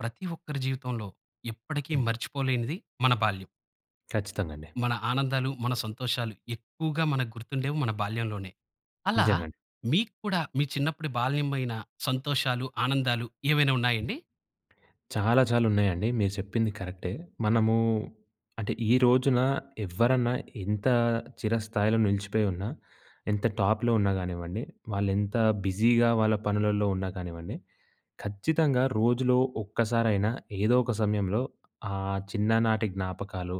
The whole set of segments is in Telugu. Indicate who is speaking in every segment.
Speaker 1: ప్రతి ఒక్కరి జీవితంలో ఎప్పటికీ
Speaker 2: హ్మ్.
Speaker 1: మర్చిపోలేనిది మన బాల్యం.
Speaker 2: ఖచ్చితంగా! అండి.
Speaker 1: మన ఆనందాలు, మన సంతోషాలు ఎక్కువగా మనకు గుర్తుండేవి మన బాల్యంలోనే. అలా
Speaker 2: నిజంగా అండి.
Speaker 1: మీకు కూడా మీ చిన్నప్పుడు బాల్యమైన సంతోషాలు, ఆనందాలు ఏమైనా ఉన్నాయండి?
Speaker 2: చాలా చాలా ఉన్నాయండి. మీరు చెప్పింది కరెక్టే. మనము అంటే, ఈ రోజున ఎవ్వరన్నా ఇంత చిర స్థాయిలో నిలిచిపోయున్నా, ఎంత టాప్‌లో ఉన్నా కానివ్వండి, వాళ్ళు ఎంత బిజీగా వాళ్ళ పనులల్లో ఉన్నా కానివ్వండి, ఖచ్చితంగా! రోజులో ఒక్కసారైనా ఏదో ఒక సమయంలో ఆ చిన్ననాటి జ్ఞాపకాలు,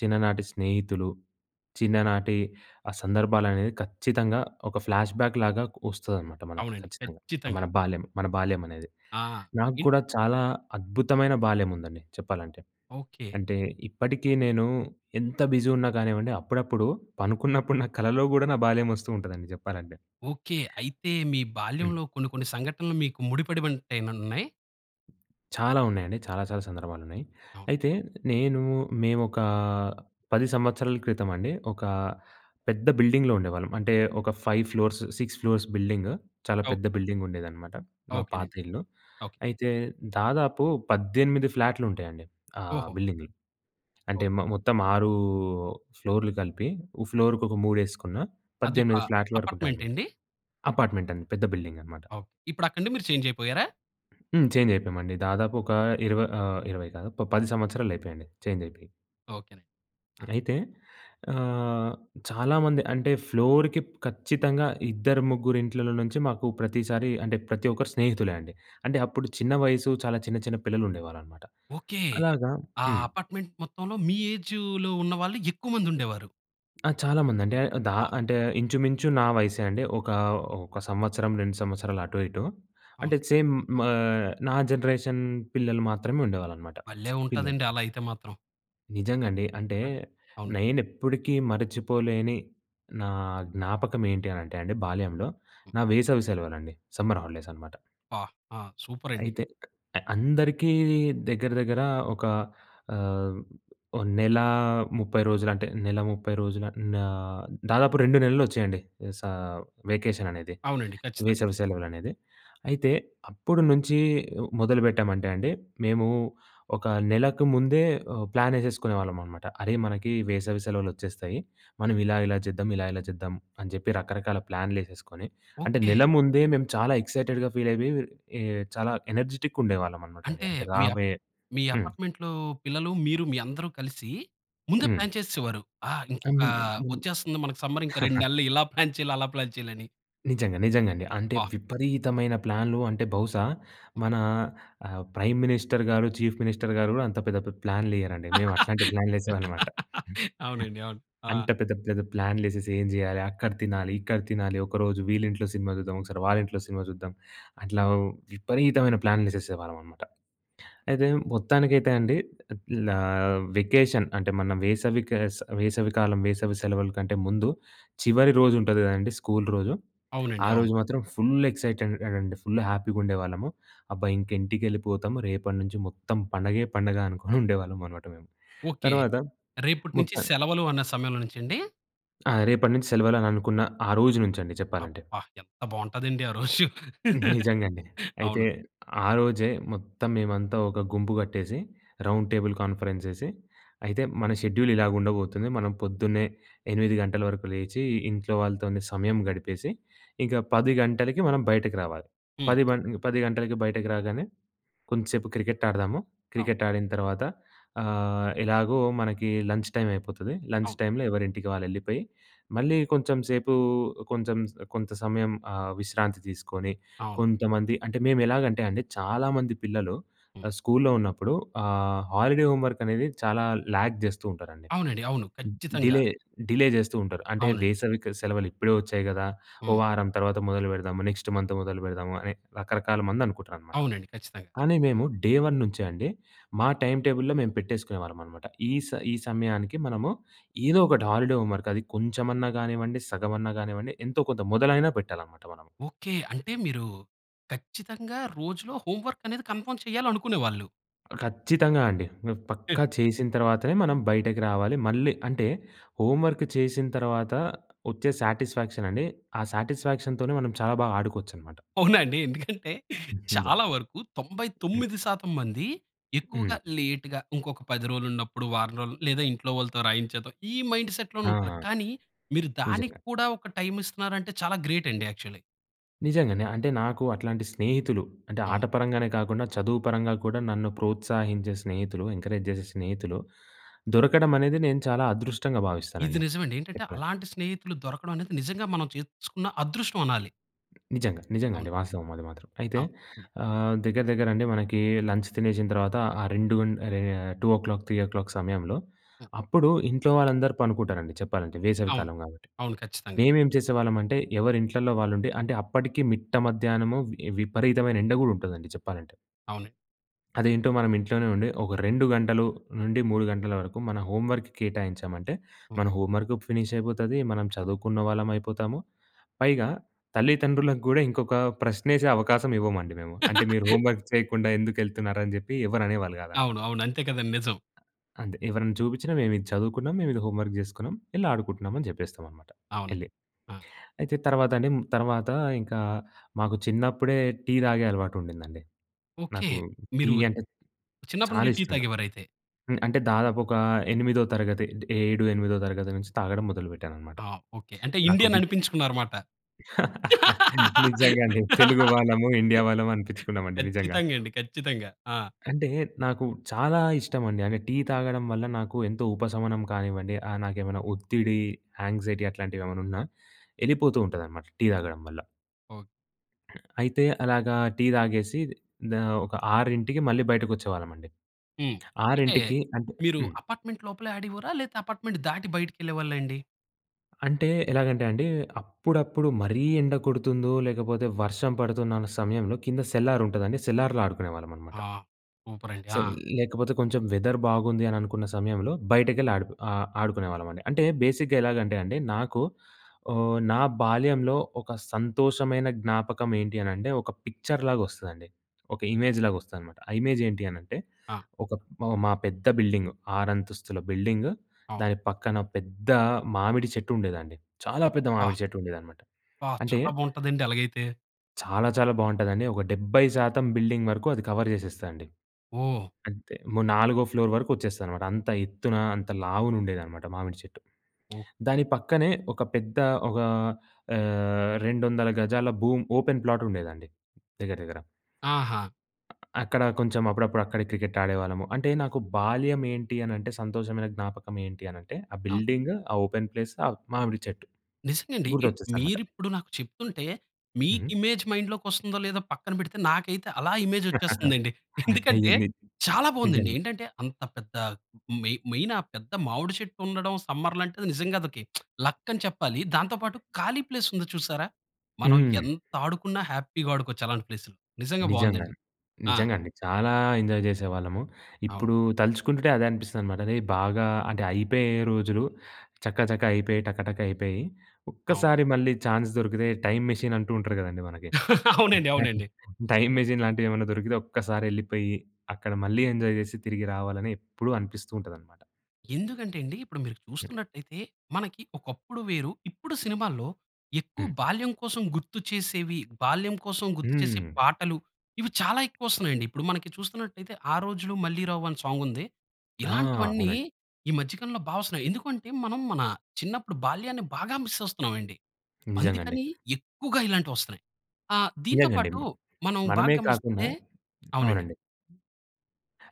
Speaker 2: చిన్ననాటి స్నేహితులు, చిన్ననాటి ఆ సందర్భాలనేవి ఖచ్చితంగా! ఒక ఫ్లాష్‌బాక్ లాగ కొ వస్తదనమాట. మనకి
Speaker 1: అవునండి
Speaker 2: ఖచ్చితంగా!
Speaker 1: ఖచ్చితంగా!
Speaker 2: మన బాల్యం, మన బాల్యం అనేది.
Speaker 1: ఆ! ఇన్
Speaker 2: నాగూడా చాలా అద్భుతమైన! బాల్యం ఉందండి, చెప్పాలంటే.
Speaker 1: ఓకె.
Speaker 2: అంటే, ఇప్పటికే నేను ఎంత బిజిగున్నా కానివ్వండి. అప్పుడప్పుడు పనుకున్నప్పుడు నా కలలో కూడా నా బాల్యం వస్తూంటదండి చెప్పాలంటే.
Speaker 1: ఓకె. అయితే మీ
Speaker 2: హ్మ్.
Speaker 1: బాల్యంలో కొన్ని, కొన్ని సంఘటనలు మీకు ముడిపడి ఉంటాయి నన్నాయ
Speaker 2: చాలా ఉన్నాయండి. చాలా చాలా సందర్భాలు ఉన్నాయి.
Speaker 1: అవును.
Speaker 2: అయితే నేను మేము ఒకా 10 సంవత్సరాల క్రితమండి, ఒక పెద్ద బిల్డింగ్‌లో ఉండేవాళ్ళం. అంటే ఒక 5 ఫ్లోర్స్, 6 ఫ్లోర్స్ బిల్డింగ్ చాలా
Speaker 1: అవు
Speaker 2: పెద్ద బిల్డింగుండేదనమాట. మా పాత
Speaker 1: ఓకెనండి.
Speaker 2: ఇల్లు.
Speaker 1: ఓకె.
Speaker 2: అయితే దాదాపు 18 ఫ్లాట్లుంటాయండి. ఆహ్,
Speaker 1: ఓహో!
Speaker 2: బిల్డింగ్‌లో అంటే,
Speaker 1: ఓక్
Speaker 2: మో మొత్తం 6 ఫ్లోర్‌లు కలిపి. ఉ ఫ్లోర్‌‌కి ఒక మూడేసుకున్న
Speaker 1: అదొక
Speaker 2: 18 ఫ్లాట్ల
Speaker 1: అపార్ట్మెంట్
Speaker 2: వరకుంటాయన్నమాట.
Speaker 1: అండి?
Speaker 2: అపార్ట్మెంట్ అండి. పెద్ద బిల్డింగ్ అనమాట.
Speaker 1: ఓకె. ఇప్పుడు అక్కండి మీరు చేంజ్ అయిపోయారా?
Speaker 2: హ్మ్, చేంజ్ అయిపోయామండి దాదాపు ఒక ఇరవ ఆహ్, 20 కాదు. ఒక ప 10 సంవత్సరాలు అయిపోయండి. చేంజ్ అయిపోయి.
Speaker 1: ఓకేనండి. ఆ!
Speaker 2: అయితే ఆహ్, చాలా మంది అంటే ఫ్లోర్‌కి ఖచ్చితంగా! ఇద్దరు ముగ్గురు ఇంట్లలో నుంచి మాకు ప్రతిసారి అంటే, ప్రతి ఒక్కరు స్నేహితులే అండి. అంటే అప్పుడు చిన్న వయసు, చాలా చిన్న, చిన్న పిల్లలు ఉండేవాళ్ళు అన్నమాట.
Speaker 1: ఓకే!
Speaker 2: అలాగా
Speaker 1: ఆ
Speaker 2: హ్మ్.
Speaker 1: అపార్ట్మెంట్ మొత్తంలో, మ ఏజులో ఉన్న వాళ్ళు ఎక్కువ మంది ఉండేవారు.
Speaker 2: ఆ! చాలా మంది అండి ఆహ్, ద
Speaker 1: ఆ!
Speaker 2: అంటే ఇంచుమించు నా వయసే అండి. ఒక ఒక సంవత్సరం 2 సంవత్సరాలు అటు ఇటు. అంటే
Speaker 1: అవును.
Speaker 2: సేమ్ మా ఆహ్, నా జనరేషన్ పిల్లలు మాత్రమే ఉండేవాళ్ళు అన్నమాట
Speaker 1: భలే!
Speaker 2: పిల్లలు.
Speaker 1: ఉంటాదండి.
Speaker 2: పిల్లలు.
Speaker 1: అలా అయితే మాత్రం.
Speaker 2: నిజంగా అండి. అంటే
Speaker 1: ఆ! అవునన్
Speaker 2: నేను ఎప్పుటికీ మర్చిపోలేని, నా జ్ఞాపకం ఏంటి అని అంటే అండి, బాల్యంలో
Speaker 1: హ్మ్.
Speaker 2: నా వేసవి సెలవలండి, సమ్మర్ హాలిడేస్ అనమాట.
Speaker 1: పా ఆ! సూపర్ అండి.
Speaker 2: అయితే ఆహ్, అందరికీ దగ్గర, దగ్గర ఒక ఆహ్, ఓ నెల 30 రోజులు అంటే, నెల 30 రోజుల ఆహ్, దాదాపు 2 నెలలు వచ్చాయండి. వేస వెకేషన్ అనేది,
Speaker 1: అవునండి. ఖచ్చితంగా!
Speaker 2: వేసవి సెలవులనేది. అయితే అప్పుడు నుంచి ఆహ్, మొదలుపెట్టామంటే అండి. మేము ఒక నెలకు ముందే ఆహ్, ప్లాన్ వేసేసుకునే వాళ్ళం అనమాట. "అరే! మనకి వేసవి సెలవులు వచ్చేస్తాయి. మనం ఇలా, ఇలా జేద్దం ఇలా, ఇలా జేద్దం" అని చెప్పి, రకరకాల ప్లాన్లు వేసేసుకొని అంటే,
Speaker 1: ఓకే!
Speaker 2: నెల ముందే మేము చాలా ఎక్సైటెడ్‌గా ఫీల్ అయిపోయి ఆహ్, చాలా ఎనర్జిటిక్‌గా ఉండేవాళ్ళం అనమాట అండి.
Speaker 1: అంటే,
Speaker 2: అంటే
Speaker 1: మీ అప్
Speaker 2: రాబోయే
Speaker 1: మీ
Speaker 2: హ్మ్.
Speaker 1: అపార్ట్మెంట్లో పిల్లలు, మీరు, మీ అందరు కలిసి, ముందే ప్లాన్
Speaker 2: హ్మ్.
Speaker 1: చేస్సేవారు. ఆహ్, ఇంకొక
Speaker 2: అవును. హ్మ్.
Speaker 1: వచ్చేస్తుంది మనకు సమ్మర్ 2 నెలలు ఇలా ప్లాన్ చేయాలి. అలా చేయాలి అని.
Speaker 2: నిజంగా, నిజంగా అండి. అంటే
Speaker 1: ఆ!
Speaker 2: విపరీతమైన ప్లాన్‌లు అంటే, బహుశా మన ఆ! ప్రైమ్ మినిస్టర్ గారు, చీఫ్ మినిస్టర్ గారు కూడా అంత పెద్ద పే ప్లాన్లు వెయ్యరండి. మేము అట్లాంటి ప్లాన్‌లేసేవనమాట.
Speaker 1: అవునండి. అవును. ఆ!
Speaker 2: అంత పెద్ద పెద్ద ప్లాన్లేసేసి ఏం చేయాలి? అక్కడ తినాలి, ఇక్కడ తినాలి, ఒకరోజు వీళ్ళింట్లో సినిమా చూద్దాం. ఒకసారి వాళ్ళింట్లో సినిమా చూద్దాం. అట్లా విపరీతమైన ప్లాన్‌లేసేసేవాళ్ళం అన్నమాట. అయితే మొత్తానికైతే అండి ఆహ్, లా వెకేషన్ అంటే, మన వేసవి క వేసవి కాలం, వేసవి సెలవుల కంటే ముందు చివరి రోజు ఉంటది కదండీ! స్కూల్ రోజు, ఆ
Speaker 1: అవునండి. అవును.
Speaker 2: రోజు మాత్రం ఫుల్ ఎక్సైటెడ్ అండి. ఫుల్ హ్యాపీ గుండేవాళ్ళం. అబ్బా! ఇంక ఇంటికెళ్ళిపోతాము. రేపటి నుంచి మొత్తం పండగే! పండగ! అనుకొని ఉండేవాళ్ళం అన్నమాట మేము.
Speaker 1: ఓకె,
Speaker 2: తర్వాత
Speaker 1: రేపటి నుంచి
Speaker 2: మొత్తం
Speaker 1: సెలవులు అన్న సమయంలో నుంచండి?
Speaker 2: ఆ! రేపటి నుంచి సెలవులని అనుకున్న, ఆ రోజు నుంచండి చెప్పాలంటే.
Speaker 1: అబ్బా! ఎంత బావుంటదండి! ఆ రోజు
Speaker 2: నిజంగా అండి. అయితే
Speaker 1: అవును.
Speaker 2: ఆ రోజే మొత్తం, మేమంతా ఒక గుంపు కట్టేసి రౌండ్ టేబుల్ కాన్ఫరెన్స్ ఎసి, "అయితే, మన షెడ్యూల్ ఇలాగ ఉండబోతుంది. మనం పొద్దున్నే 8:00 గంటల వరకు లేచి, ఇంట్లో వాళ్ళతోనే సమయం గడిపేసి ఇంక 10:00 గంటలకి మనం బయటకు రావాలి.
Speaker 1: హ్మ్.
Speaker 2: పది పన్ 10 గంటలకి బయటకి రాగానే, కొంచెంసేపు క్రికెట్ ఆడతాము.
Speaker 1: అవు
Speaker 2: క్రికెట్ ఆడిన తర్వాత ఆహ్, ఎలాగో మనకి లంచ్ టైమ్ అయిపోతది. లంచ్
Speaker 1: అవు
Speaker 2: టైమ్‌లో ఎవరింటికి వాళ్ళు ఎళ్ళిపోయి, మళ్ళీ కొంచెం సేపు, కొంచెం స కొంత సమయం ఆహ్, విశ్రాంతి తీసుకొని,
Speaker 1: అవును.
Speaker 2: కొంతమంది అంటే, మేము ఎలాగంటే, అండి చాలామంది పిల్లలు
Speaker 1: హ్మ్.
Speaker 2: ఆహ్, స్కూల్లో ఉన్నప్పుడు ఆహ్, హాలిడే హోమ్ వర్క్ అనేది చాలా లాగ్ చేస్తూ ఉంటారండి.
Speaker 1: అవునండి. అవును. ఖచ్చితంగా!
Speaker 2: డిలే, డిలే చేస్తూ ఉంటారు. అంటే
Speaker 1: అవునండి.
Speaker 2: వేసవి క సెలవులు ఇప్పుడే వచ్చాయి గదా! ఓ
Speaker 1: హ్మ్.
Speaker 2: వారం తర్వాత మొదలుపెడదాము, నెక్స్ట్ మంత్ మొదలుపెడదాము అని రకరకాల మంది అనుకుంటారన్నమాట.
Speaker 1: అవునండి, ఖచ్చితంగా!
Speaker 2: కానీ, మేము డే వన్ నుంచే అండి మా టైమ్ టేబుల్‌లో మేము పెట్టేసుకునేవాళ్ళం అన్నమాట. ఈ స ఈ సమయానికి మనము ఏదో ఒకటి హాలిడే హోమ్ వర్క్, అది కొంచెమన్నా గానివ్వండి, సగమన్నా కానివ్వండి ఎంతో కొంత మొదలైన పెట్టాలన్నమాట మనం.
Speaker 1: ఓకె. అంటే మీరు ఖచ్చితంగా! రోజులో హోమ్ వర్క్ అనేది కన్ఫామ్ చేయాలి అనుకునేవాళ్ళు.
Speaker 2: ఖచ్చితంగా అండి. పక్కా చేసిన తర్వాతనే మనం బయటకి రావాలి. మళ్ళీ అంటే హోమ్ వర్క్ చేసిన తర్వాత వచ్చే సాటిస్ఫాక్షనండి ఆ సాటిస్ఫాక్షన్‌తొనే మనం చాలా బాగా ఆడుకోవచ్చనమాట.
Speaker 1: అవునా అండి. ఎందుకంటే
Speaker 2: హుహు.
Speaker 1: చాలా వరకు 99% మందీ ఎక్కువగా
Speaker 2: హ్మ్.
Speaker 1: లేట్‌గ ఇంకొక 10 రోజులు ఉన్నప్పుడు, వారం రోజులు లేదా ఇంట్లో వాళ్ళతో రాయించేద్దాం. ఈ మైండ్ సెట్‌లోనే
Speaker 2: ఆ!
Speaker 1: ఉంటారు. కానీ మీరు దానికి
Speaker 2: నిజంగా.
Speaker 1: కూడా ఒక టైమిస్తున్నారంటే చాలా గ్రేటండి యాక్చువల్లి.
Speaker 2: నిజంగానే. అంటే నాకు అట్లాంటి స్నేహితులు, అంటే ఆట
Speaker 1: అవును.
Speaker 2: పరంగానే కాకుండా చదువు పరంగా కూడా నన్ను ప్రోత్సహించే స్నేహితులు, ఎంకరేజ్ చేసే స్నేహితులు దొరకడం అనేది నేను చాలా అదృష్టంగా
Speaker 1: ఇది
Speaker 2: భావిస్తానండి.
Speaker 1: నిజవండి. ఏంటంటే
Speaker 2: చెప్పాలంటే.
Speaker 1: అలాంటి స్నేహితులు దొరకడం అనేది నిజంగా మనం చేసుకున్న అదృష్టం అనాలి.
Speaker 2: నిజంగా. నిజంగా
Speaker 1: అవును.
Speaker 2: అండి. వాస్తవం అది మాత్రం. అయితే
Speaker 1: అవును. హ్మ్.
Speaker 2: ఆహ్, దగ్గర, దగ్గర అండి మనకి లంచ్ తినేసిన తర్వాత ఆ రెండు గం అహ్, 2:00 3:00 సమయంలో అప్పుడు ఇంట్లో వాళ్ళందరూ పండుకుంటారండి చెప్పాలంటే వేసవి
Speaker 1: అవును.
Speaker 2: కాలం కాబట్టి.
Speaker 1: అవును, ఖచ్చితంగా.
Speaker 2: మేము ఏం చేసేవాళ్ళం అంటే ఎవరి ఇంట్లల్లో వాళ్ళు ఉండి అంటే అప్పటికి మిట్ట మధ్యాహ్నము విపరీతమైన ఎండగూడ ఉంటదండి చెప్పాలంటే.
Speaker 1: అవునండి.
Speaker 2: అదేంటో మనం ఇంట్లోనే ఉండి ఒక 2 గంటలు నుండి 3 గంటల వరకు మన హోమ్ వర్క్‌కి కేటాయించామంటే
Speaker 1: హ్మ్.
Speaker 2: మన హోమ్ వర్క్ ఫినిశ్ అయిపొతది. మనం చదువుకున్న వాళ్ళమయిపోతాము. పైగా తల్లిదండ్రులకు గూడా ఇంకొక ప్రశ్న ఎసే అవకాశం ఇవ్వమండి మేము. అంటే "మీరు హోమ్ వర్క్ చేయకుండా ఎందుకెళ్తున్నారని" చెప్పి ఎవరనేవాళ్ళు
Speaker 1: అవును,
Speaker 2: కాదన్నమాట.
Speaker 1: అవును. అంతే కదండి. నిజం.
Speaker 2: అంతే. ఎవరైనా చూపించిన మేము ఇది చదువుకున్నాం, మేము ఇది హోమ్ వర్క్ చేసుకున్నాం, ఎళ్లి ఆడుకుంటున్నాం అని చెప్పేస్తామన్నమాట
Speaker 1: అవునండి.
Speaker 2: ఎళ్లి.
Speaker 1: ఆ!
Speaker 2: అయితే తర్వాత అండి, తర్వాత ఇంకా మాకు చిన్నప్పుడే టీ తాగే అలవాటుండిందండి.
Speaker 1: ఓకె.
Speaker 2: నాకు టీ
Speaker 1: మీరు
Speaker 2: అంటే
Speaker 1: చిన్నప్పటి
Speaker 2: చాలా
Speaker 1: నుంచి టీ
Speaker 2: ఇష్టం నాకు.
Speaker 1: తాగేవారయితే.
Speaker 2: అంటే దాదాపు ఒక ఎనిమిదో తరగతి ఏడు ఎనిమిదో తరగతి నుంచి తాగడం మొదలుపెట్టానన్నమాట
Speaker 1: ఆ! ఓకె. అంటే
Speaker 2: నాకు
Speaker 1: ఇండియన్
Speaker 2: విప్
Speaker 1: అనిపించుకున్నారన్నమాట.
Speaker 2: నిజంగా అండి. తెలుగు వాళ్ళము, ఇండియా వాళ్ళము అనిపించుకున్నామండి నిజంగా.
Speaker 1: ఖచ్చితంగా అండి. ఖచ్చితంగా. ఆ!
Speaker 2: అంటే నాకు చాలా ఇష్టమండి. అంటే టీ తాగడం వల్ల నాకు ఎంతో ఉపశమనం కానివ్వండి, ఆహ్, నాకేమైనా ఒత్తిడి, యాంక్సైటీ అట్లాంటివేమన్నా ఉన్నా ఎళ్ళిపోతూంట దన్నమాట టీ తాగడం వల్ల. అయితే అలాగా టీ తాగేసి దా ఒక 6కి మళ్ళీ బయటకొచ్చేవాళ్ళమండి.
Speaker 1: హ్మ్. అంటే
Speaker 2: 6కి అంటే
Speaker 1: మీరు
Speaker 2: హ్మ్.
Speaker 1: అపార్ట్‌‌మెంట్ లోపలే ఆడేవారా? లేదా అపార్ట్‌‌మెంట్ దాటి బయటికెళ్ళేవాళ్ళండి?
Speaker 2: అంటే ఎలాగంటే అండి, అప్పుడప్పుడు మరీ ఎండ కొడుతుందో లేకపోతే, వర్షం పడుతున్న సమయంలో కింద సెల్లార్ ఉంటదండి. సెల్లార్‌లో ఆడుకునేవాళ్ళమనమాట.
Speaker 1: ఆ! సూపర్ అండి.
Speaker 2: సే
Speaker 1: ఆ!
Speaker 2: లేకపోతే కొంచెం వెదర్ బాగుంది అని అనుకున్న సమయంలో బయటకెళ్ళి ఆడు ఆహ్, ఆడుకునే వాళ్ళమండి. అంటే బేసిక్‌గా ఎలాగంటే అండి, నాకు ఆహ్, నా బాల్యంలో ఒక సంతోషమైన జ్ఞాపకం ఏంటి అని అంటే, పిక్చర్‌లాగా వస్తదండి. ఒక ఇమేజ్‌‌లాగా వస్తదన్నమాట. ఆ ఇమేజ్ ఏంటి అని అంటే,
Speaker 1: ఆ!
Speaker 2: ఒక మా పెద్ద బిల్డింగ్, ఆరంతస్తుల బిల్డింగు,
Speaker 1: ఆ!
Speaker 2: దాని పక్కన పెద్ద మామిడి చెట్టు ఉండేదండి. చాలా పెద్ద
Speaker 1: అబ్బా!
Speaker 2: మామిడి చెట్టు ఉండేదన్నమాట.
Speaker 1: అబ్బా!
Speaker 2: అంటే...
Speaker 1: చాలా బావుంటదండి అలాగైతే.
Speaker 2: చాలా చాలా బావుంటదండి. ఒక 70% బిల్డింగ్ వరకు అది కవర్ చేసేస్తాదండి.
Speaker 1: ఓహ్!
Speaker 2: అంతే నాలుగో ఫ్లోర్ వరకు వచ్చేస్తదన్నమాట. అంత ఎత్తున, అంత లావున ఉండేదన్నమాట మామిడి చెట్టు.
Speaker 1: ఓహ్!
Speaker 2: దాని పక్కనే ఒక పెద్ద ఒక ఆహ్, 200 గజాల భూమి ఓపెన్ ప్లాట్ ఉండేదండి దగ్గర, దగ్గర...
Speaker 1: ఆహా!
Speaker 2: అక్కడ కొంచెం అప్పుడప్పుడు అక్కడే క్రికెట్ ఆడేవాళ్ళము. అంటే నాకు బాల్యం ఏంటి? అని అంటే సంతోషమైన జ్ఞాపకం ఏంటి? అని అంటే ఆ
Speaker 1: అ!
Speaker 2: బిల్డింగ్, ఆ ఓపెన్ ప్లేస్, ఆ మామిడి చెట్టు
Speaker 1: నిజంగండి.
Speaker 2: గుర్తొచ్చేస్తాయన్నమాట.
Speaker 1: మీరు ఇప్పుడు నాకు చెప్తుంటే మీకు
Speaker 2: హ్మ్.
Speaker 1: ఇమేజ్ మైండ్‌లోకి వస్తుందో లేదో పక్కన పెడితే నాకైతే అలా ఇమేజ్ వచ్చేస్తుందండి. ఎందుకంటే,
Speaker 2: అయ్యింది.
Speaker 1: చాలా బావుందండి.
Speaker 2: నిజమె.
Speaker 1: ఏంటంటే అంత పెద్ద మెయిన్, మెయిన్ ఆ పెద్ద మామిడి చెట్టు ఉండడం, సమ్మర్‌లో అంటే నిజంగా అది ఒక లక్ అని చెప్పాలి. దాంతో పాటు ఖాళీ ప్లేస్ ఉంది చూశారా? మనం
Speaker 2: హ్మ్.
Speaker 1: ఎంత ఆడుకున్నా హ్యాపీగా ఆడుకోవచ్చు అలాంటి ప్లేస్‌లో. నిజంగా
Speaker 2: నిజంగా.
Speaker 1: బావుందండి. ఆ!
Speaker 2: నిజంగా అండి. చాలా ఎంజాయ్ చేసేవాళ్ళము.
Speaker 1: అవును.
Speaker 2: ఇప్పుడు తలుచుకుంటుంటే అదే అనిపిస్తుందనమాట. అది బాగా అంటే అయిపోయే రోజులు చకచక అయిపోయాయి. టకటక అయిపోయాయి.
Speaker 1: అవును.
Speaker 2: ఒక్కసారి మళ్ళీ ఛాన్స్ దొరికితే టైమ్ మెషిన్ అంటూ ఉంటారు కదండీ మనకి,
Speaker 1: అవునండి, అవునండి.
Speaker 2: టైమ్ మెషిన్ లాంటివి ఏమన్నా దొరికితే ఒక్కసారి ఎళ్ళిపోయి, అక్కడ మళ్ళీ ఎంజాయ్ చేసి తిరిగి రావాలని ఎప్పుడూ అనిపిస్తూ ఉంటుందన్నమాట.
Speaker 1: ఎందుకంటే ఎండి ఇప్పుడు మీరు చూస్తున్నట్టయితే మనకి ఒకప్పుడు వేరు, ఇప్పుడు సినిమాల్లో, ఎక్కువ
Speaker 2: హ్మ్.
Speaker 1: బాల్యం కోసం గుర్తు చేసేవి, బాల్యం కోసం గుర్తు చేసే
Speaker 2: హ్మ్.
Speaker 1: పాటలు, ఇవి చాలా ఎక్కువస్తున్నాయండి. ఇప్పుడు మనకి చూస్తున్నట్టయితే 'ఆ రోజులు మళ్ళీ రావు' అని సాంగ్ ఉంది.
Speaker 2: ఆ!
Speaker 1: ఇలాంటివన్నీ
Speaker 2: అవునండి.
Speaker 1: ఈ మధ్య కాలంలో బా వస్తున్నాయి. ఎందుకంటే మనం మన చిన్నప్పుడు బాల్యాన్ని బాగా మిస్ అస్తున్నామండి.
Speaker 2: నిజంగండి.
Speaker 1: అందుకని ఎక్కువగా ఇలాంటివస్తున్నాయి. ఆహ్, దీనితో
Speaker 2: నిజంగండి.
Speaker 1: పాటు మనం బాగా
Speaker 2: మనమే కాకుండా
Speaker 1: గమనిస్తే అవునండి.
Speaker 2: అవునండి.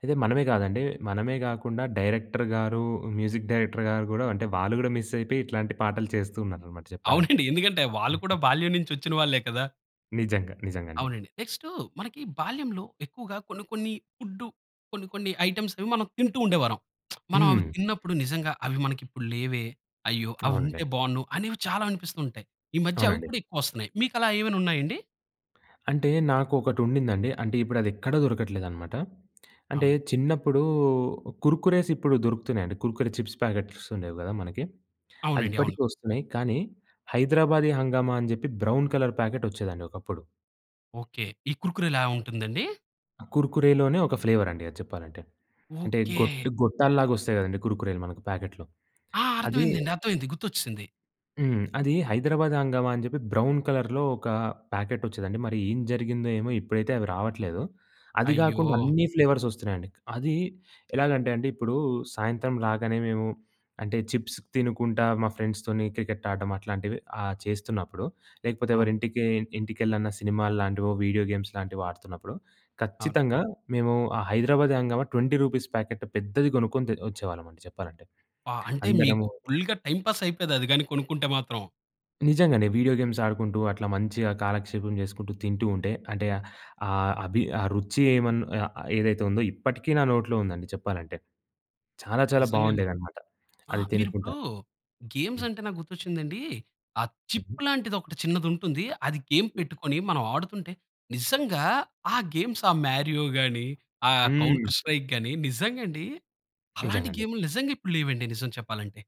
Speaker 2: అయితే మనమే గాదండి మనమే గాకుండా డైరెక్టర్ గారు మ్యూజిక్ డైరెక్టర్ గారు గూడా అంటే వాళ్ళు గూడా మిస్ అయిపోయి ఇట్లాంటి పాటలు చేస్తూ ఉన్నారన్నమాట చెప్పాలంటే.
Speaker 1: అవునండి. ఎందుకంటే వాళ్ళు కూడా బాల్యం నుండి వచ్చిన వాళ్ళే కదా!
Speaker 2: నిజంగా. నిజంగండి.
Speaker 1: అవునండి. నెక్స్ట్ మనకి బాల్యంలో ఎక్కువగా కొన్ని కొన్ని ఫుడ్ కొన్ని కొన్ని ఐటెమ్స్ అవి మనం తింటూ ఉండేవారం. మనం అవి
Speaker 2: హ్మ్.
Speaker 1: తిన్నప్పుడు నిజంగా అవి మనకి ఇప్పుడు లేవే అయ్యో! అవి
Speaker 2: అవునండి.
Speaker 1: ఉంటే బావున్ను, అనేవి చాలా అనిపిస్తుంటాయి. ఈ మధ్య అవి
Speaker 2: అవునండి.
Speaker 1: కూడా ఎక్కువ వస్తున్నాయి మీకు అలా ఏవైనా ఉన్నాయండి?
Speaker 2: అంటే నాకు ఒకటుండిందండి. అంటే ఇప్పుడు అది ఎక్కడ దొరకట్లేదనమాట. అంటే
Speaker 1: అవునండి.
Speaker 2: చిన్నప్పుడు కుర్కురేస్ ఇప్పుడు దొరుకుతున్నాయండి. కుర్కురే చిప్స్ ప్యాకెట్స్ ఉండేవి గదా! మనకి. అది
Speaker 1: అవునండి. అవును.
Speaker 2: ఇప్పటికి వస్తున్నాయి. కానీ హైదరాబాదీ హంగామా అని చెప్పి బ్రౌన్ కలర్ ప్యాకెట్ వచ్చేదండి ఒకప్పుడు.
Speaker 1: ఓకె. ఈ కుర్కురేలా ఉంటుందండి?
Speaker 2: కుర్కురేలోనే ఒక ఫ్లేవర్ అండి అది చెప్పాలంటే. అంటే
Speaker 1: ఓకే!
Speaker 2: గోటూ గొట్టాల లాగా వస్తాయి కదండీ! కుర్కురేలు మనకు ప్యాకెట్‌లో
Speaker 1: ఆ! అర్థం
Speaker 2: అదీ.
Speaker 1: అయిందండి, అర్థమైయింది. గుర్తోచ్చేసింది.
Speaker 2: హ్మ్, అది హైదరాబాద్ హంగామా అని చెప్పి, బ్రౌన్ కలర్‌లో ఒక ప్యాకెట్ వచ్చేదండి. మరి ఏం జరిగిందో, ఏమో ఇప్పుడైతే అవి రావట్లేదు. అది
Speaker 1: అయ్యో!
Speaker 2: కాకుండా అన్ని ఫ్లేవర్స్ వస్తున్నాయండి. అది ఎలాగంటే, అండి ఇప్పుడు సాయంత్రం రాగానే మేము అంటే, చిప్స్ తినుకుంటా, మా ఫ్రెండ్స్‌తొని క్రికెట్ ఆడడం అట్లాంటివి ఆహ్, చేస్తున్నప్పుడు లేకపోతే ఎవరి
Speaker 1: ఆ!
Speaker 2: ఇంటికి ఇంటికెళ్ళిన్న సినిమాలు లాంటివో వీడియో గేమ్స్ లాంటివి ఆడుతున్నప్పుడు,
Speaker 1: అవును.
Speaker 2: ఖచ్చితంగా మేము ఆ హైదరాబాది హంగామా రూ. 20 ప్యాకెట్ పెద్దది కొనుక్కొని తె వచ్చేవాళ్ళం అండి, చెప్పాలంటే.
Speaker 1: ఆ! అంటే మీకు
Speaker 2: అందరము
Speaker 1: ఫుల్‌గా టైమ్ పాస్ అయిపోయేది అది గాని కొనుకుంటే మాత్రం.
Speaker 2: నిజంగానే వీడియో గేమ్స్ ఆడుకుంటూ, అట్లా మంచిగా కాలక్షేపం చేసుకుంటూ, తింటూ ఉంటే, అంటే ఆ అభి ఆ రుచి ఏమన్ ఆహ్, ఏదైతే ఉందో ఇప్పటికీ నా నోట్లో ఉందండి చెప్పాలంటే. చాలా చాలా
Speaker 1: నిజంగా అండి.
Speaker 2: బావుండేదన్నమాట. అది
Speaker 1: ఆహ్, మీరు
Speaker 2: తినుకుంటా
Speaker 1: ఇప్పుడు గేమ్స్
Speaker 2: హ్మ్.
Speaker 1: అంటే, నాకు గుర్తు వచ్చింది అండి. ఆ
Speaker 2: హుహు.
Speaker 1: చిప్ లాంటిది ఒకటి చిన్నది ఉంటుంది. అది గేమ్ పెట్టుకొని, మనం ఆడుతుంటే, నిజంగా ఆ గేమ్స్ ఆ మారియోగాని, ఆ
Speaker 2: హ్మ్.
Speaker 1: కౌంటర్ స్ట్రైక్ గాని నిజంగా అండి. అలాంటి
Speaker 2: నిజంగా అండి.
Speaker 1: గేమ్లు నిజంగా ఇప్పుడు లేవండి. నిజం చెప్పాలంటే.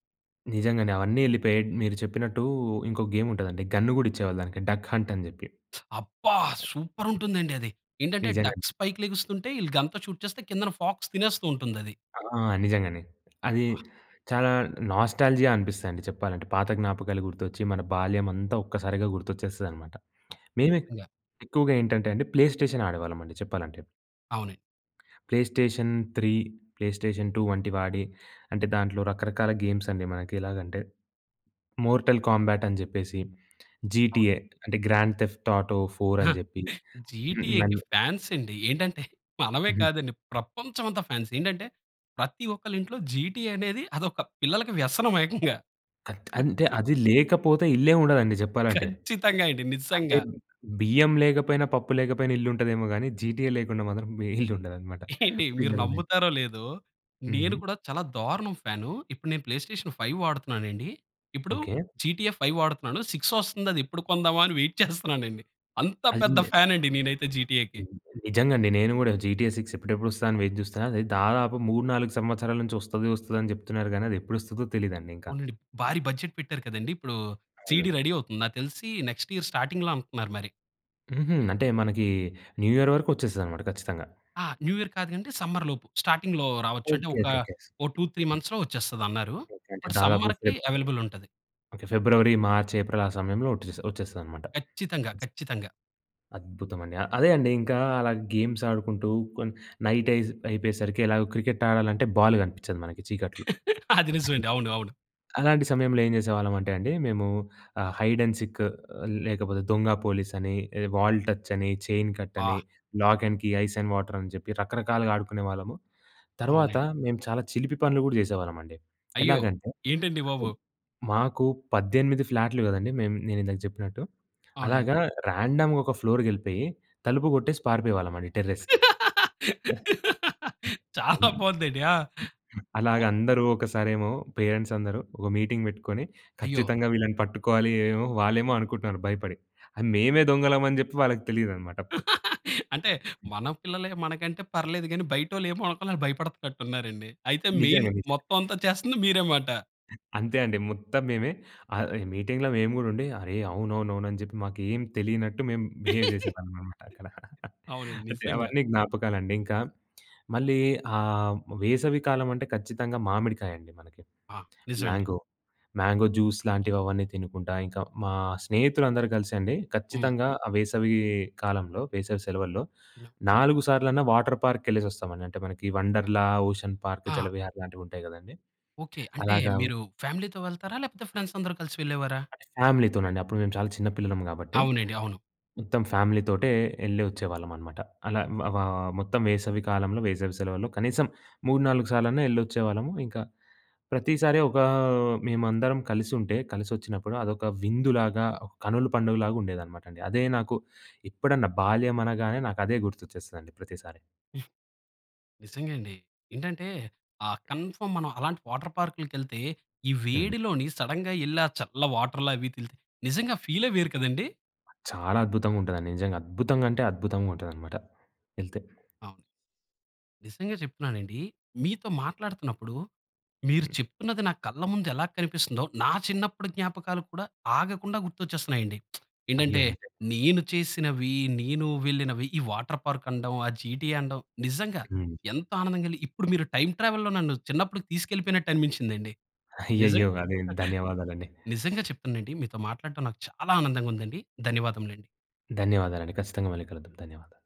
Speaker 2: నిజంగానే అవన్నీ ఎళ్ళిపోయాయి. మీరు చెప్పినట్టు, ఇంకోక గేమ్ ఉంటదండి. గన్ కూడా ఇచ్చేవాళ్ళు దానికి, డక్ హంట్ అని చెప్పి.
Speaker 1: అబ్బా! సూపర్ ఉంటుందండి అది. ఏంటంటే,
Speaker 2: నిజంగానే.
Speaker 1: డక్స్ పైకి లెగుస్తుంటే, వీళ్ళు గన్‌తో షూట్ చేస్తే, కిందన ఫాక్స్ తినేస్తూ ఉంటుందది.
Speaker 2: ఆ! నిజంగానే. అది
Speaker 1: వాహ్!
Speaker 2: చాలా నోస్టాల్జియా అనిపిస్తాయండి, చెప్పాలంటే. పాత జ్ఞాపకాలు గుర్తొచ్చి, మన బాల్యం అంతా ఒక్కసారిగా గుర్తొచ్చేస్తదనమాట.
Speaker 1: అవును,
Speaker 2: మేమె
Speaker 1: నిజంగా.
Speaker 2: ఎక్కువగా ఏంటంటే అండి ప్లే స్టేషన్ ఆడేవాళ్ళం అండి, చెప్పాలంటే.
Speaker 1: అవునండి.
Speaker 2: Play station three, play station two వంటివి ఆడి, అంటే దాంట్లో రకరకాల గేమ్స్ అండి మనకి ఎలాగంటే, మోర్టల్ కాంబ్యాట్ అని చెప్పేసి
Speaker 1: అవును.
Speaker 2: జీటీఏ అంటే, గ్రాండ్ తెఫ్ట్ ఆటో ఫోర్ అని చెప్పి హ్మ్.
Speaker 1: జీటీఏకి
Speaker 2: నన్ను
Speaker 1: ఫ్యాన్స్ అండి ఏంటంటే, మనమే
Speaker 2: హుహు.
Speaker 1: కాదండి ప్రపంచం అంతా ఫ్యాన్స్. ఏంటంటే, ప్రతి ఒక్కళ్ళింట్లో జీటీఏ అనేది, అదొక పిల్లలకి వ్యసనం ఏకంగా.
Speaker 2: అంత్ అంటే, అది లేకపోతే ఇల్లే ఉండదండి, చెప్పాలంటే.
Speaker 1: ఖచ్చితంగా అండి
Speaker 2: అంటే,
Speaker 1: నిజంగా.
Speaker 2: బియ్యం లేకపోయినా, పప్పు లేకపోయినా ఇల్లుంటదేమో గాని జీటీఏ లేకుండా మాత్రం ఏ ఇల్లు ఉండదన్నమాట,
Speaker 1: ఏండి, మీరు
Speaker 2: పిల్లలు ఉన్న ఇల్లు.
Speaker 1: నమ్ముతారో లేదో నేను
Speaker 2: హుహు.
Speaker 1: కూడా చాలా దారుణం ఫ్యాను, ఇప్పుడు నేను ప్లే స్టేషన్ ఫైవ్ వాడుతున్నానండి. ఇప్పుడు
Speaker 2: ఓకే.
Speaker 1: జీటీఏ ఫైవ్ వాడుతున్నాను. 6 వస్తుంది, అది ఎప్పుడు కొందాం అని వెయిట్ చేస్తున్నానండి. అంత పెద్ద
Speaker 2: [unintelligible]
Speaker 1: ఫ్యాన్ అండి నేనైతే, జీటీఏకి.
Speaker 2: నిజంగా అండి, నేను కూడా జీటీఏ సిక్స్ ఎప్పుడెప్పుడు వస్తాదా అని చేస్తున్నా. అది దాదాపు 3, 4 సంవత్సరాల నుంచి వస్తది, వస్తది అని చెప్తున్నారు గానీ, అది ఎప్పుడు వస్తదో తెలీదండి ఇంకా.
Speaker 1: అవునండి. భారీ బడ్జెట్ పెట్టారు కదండీ! ఇప్పుడు, సీడీ
Speaker 2: అవును.
Speaker 1: రెడీ అవుతుంది. నాకు తెలిసి నెక్స్ట్ ఇయర్ స్టార్టింగ్‌లో అంటన్నారు మరి.
Speaker 2: హుహు. అంటే మనకి న్యూ ఇయర్ వరకు వచ్చేస్తదన్నమాట, ఖచ్చితంగా.
Speaker 1: ఆ! న్యూ ఇయర్ కాదు గానండి, సమ్మర్ లోపు స్టార్టింగ్‌లో రావచ్చు. అంటే,
Speaker 2: ఓకే
Speaker 1: ఒక
Speaker 2: ఓకే ఓకే.
Speaker 1: 2, 3 మంత్స్‌లో వచ్చేస్తాదన్నారు.
Speaker 2: ఓకే. అంటే,
Speaker 1: బట్,
Speaker 2: దాదాపు
Speaker 1: సమ్మర్‌కి
Speaker 2: ఫెబ్
Speaker 1: అవైలబుల్ ఉంటది.
Speaker 2: ఓకే ఫిబ్రవరి, మార్చ్, ఏప్రిల్ ఆ సమయంలో వట్సే వచ్చేస్తది అన్నమాట.
Speaker 1: ఖచ్చితంగా, ఖచ్చితంగా.
Speaker 2: అద్భుతమండి! అ అదే అండి, ఇంకా అలా గేమ్స్ ఆడుకుంటూ కొన్ నైట్ అయిస్ అయిపోయేసరికి, ఎలాగో క్రికెట్ ఆడాలంటే, బాలు కనిపిచ్చదు మనకి చీకట్లో.
Speaker 1: అది నిజమే అండి. అవును, అవును.
Speaker 2: అలాంటి సమయంలో ఏం చేసేవాళ్ళమంటే అండి, మేము ఆహ్, హైడ్ అండ్ సీక్ లేకపోతే దొంగ పోలీస్ అని, వాల్ టచ్ అని, చైన్ కట్ అని,
Speaker 1: ఆ!
Speaker 2: Lock and key, ice and water అని చెప్పి రకరకాలుగా ఆడుకునేవాళ్ళము. తర్వాత,
Speaker 1: అవునండి.
Speaker 2: మేము చాలా చిలిపి పనులు గూడా చేసేవాళ్ళమండి.
Speaker 1: అయ్యో!
Speaker 2: ఎలాగంటే,
Speaker 1: ఏంటండి బాబు.
Speaker 2: మాకు 18 ఫ్లాట్లు కదండీ! మేమ్ నేను ఇందాక చెప్పినట్టు,
Speaker 1: అవునండి.
Speaker 2: అలాగా ర్యాండమ్‌‌గా ఒక ఫ్లోర్‌కి వెళ్ళిపోయి తలుపు కొట్టేసి పారిపోయేవాళ్ళమండి, టెర్రస్‌కి.
Speaker 1: చాలా
Speaker 2: [unintelligible]
Speaker 1: బాగుంది అండి. ఆహ్, ఒ
Speaker 2: అలాగా అందరూ ఒకసారేమో పేరెంట్స్ అందరూ, ఒక మీటింగ్ పెట్టుకొని
Speaker 1: అయ్యో!
Speaker 2: "ఖచ్చితంగా వీళ్ళని పట్టుకోవాలి" ఏమోమో వాళ్ళేమో అనుకుంటున్నారు భయపడి, మేమే దొంగలం అని చెప్పి వాళ్ళకి తెలియదన్నమాట అప్పుడు.
Speaker 1: అంటే, మన పిల్లలే మనకంటే పర్లేదు గానీ, బయటోళ్ళు ఏమో అనుకుని భయపడుతున్నట్టున్నారండి. అయితే, మెయిన్
Speaker 2: నిజంగా, నిజంగా.
Speaker 1: మొత్తం అంతా చేస్తుంది మీరేమాట!
Speaker 2: అంతే అండి, మొత్తం మేమే. ఆహ్, ఈ మీటింగ్‌లో మేము కూడా ఉండి, అరే అవునవునవును అని చెప్పి మాకు ఏమి తెలియనట్టు, మేము బిహేవ్ చేసేవాళ్ళమన్న మాట అక్కడ.
Speaker 1: అవునండి,
Speaker 2: అంటే,
Speaker 1: నిజంగా.
Speaker 2: అవన్నీ జ్ఞాపకాలండి. ఇంకా మళ్ళీ ఆహ్, వేసవి కాలం అంటే ఖచ్చితంగా మామిడికాయండి, మనకి.
Speaker 1: ఆ! నిజం అండి.
Speaker 2: మ్యాంగో, మ్యాంగో జ్యూస్ లాంటివి అవన్నీ తినుకుంటా, ఇంకా మా స్నేహితులు అందరూ కలిసండి,
Speaker 1: హ్మ్.
Speaker 2: ఖచ్చితంగా ఆ వేసవి కాలంలో, వేసవి సెలవుల్లో నాలుగు సార్లన్నా వాటర్ పార్క్‌కి వెళ్ళేసొస్తామండి. అంటే మనకి వండర్‌లా, ఓషన్ పార్క్,
Speaker 1: ఆ!
Speaker 2: జలవిహార్ లాంటివి ఉంటాయి గదండీ!
Speaker 1: ఓకే. అంటే
Speaker 2: అలాగా
Speaker 1: మీరు, ఫ్యామిలీతో వెళ్తారా? లేకపోతే, ఫ్రెండ్స్ అందరు కలిసి వెళ్ళేవారా?
Speaker 2: అంటే ఫ్యామిలీతోనండి. అప్పుడు మేము చాలా చిన్న పిల్లలం కాబట్టి,
Speaker 1: అవునండి, అవును.
Speaker 2: మొత్తం ఫ్యామిలీతోటే, యెళ్లి వచ్చేవాళ్ళమన్నమాట. అలా ఆహ్, మొత్తం వేసవి కాలంలో, వేసవి సెలవుల్లో కనీసం మూడు, నాలుగు సార్లన్నా యెళ్లి వచ్చేవాళ్ళము. ఇంక ప్రతిసారి ఒక మేమందరం కలిసి ఉంటే, కలిసి వచ్చినప్పుడు అదొక విందులాగా, కనులు పండుగలాగా ఉండేదన్నమాట అండి. అదే నాకు ఎప్పుడన్నా, బాల్యం అనగానే నాకు అదే గుర్తొచ్చేస్తదండి, ప్రతిసారి.
Speaker 1: నిజంగా అండి. ఏంటంటే, ఆ కన్‌ఫార్మ్ మనం అలాంటి వాటర్ పార్క్‌లకి ఎళ్తే, ఈ
Speaker 2: హ్మ్.
Speaker 1: వేడిలోని సడెన్‌గా ఎళ్ళి ఆ చల్ల వాటర్ల అవి ఎలితే నిజంగా ఆహ్, ఫీలే వేరు కదండి!
Speaker 2: చాలా అద్భుతంగా ఉంటాదండి నిజంగా. అద్భుతంగా అంటే, అద్భుతంగా ఉంటుందన్నమాట, వెళ్తే.
Speaker 1: అవును. నిజంగా చెప్తున్నానండి, మీతో మాట్లాడుతున్నప్పుడు, మీరు
Speaker 2: హ్మ్.
Speaker 1: చెప్తున్నది నా కళ్ళ ముందు ఎలా కనిపిస్తుందో, నా చిన్నప్పుడు జ్ఞాపకాలు కూడా, ఆగకుండా గుర్తొచ్చేస్తున్నాయండి.
Speaker 2: అయ్యో!
Speaker 1: ఏంటంటే నేను చేసినవి, నేను వెళ్ళినవి, ఈ వాటర్ పార్క్, అనడం, ఆ జీటీఏ అనడం, నిజంగా
Speaker 2: హ్మ్.
Speaker 1: ఎంత ఆనందంగా కలిగి ఇప్పుడు మీరు టైమ్ ట్రావెల్లో నన్ను చిన్నప్పటికి తీసుకెళ్ళిపోయినట్టు అనిపించిందండి. నిజం
Speaker 2: అయ్యయ్యో! అదే, ధన్యవాదాలండి.
Speaker 1: నిజంగా చెప్తున్ననండి, మీతో మాట్లాడటం నాకు చాలా ఆనందంగా ఉందండి. ధన్యవాదములండి.
Speaker 2: ధన్యవాదాలండి. ఖచ్చితంగా మళ్ళీ కలుద్దాం, ధన్యవాదాలు.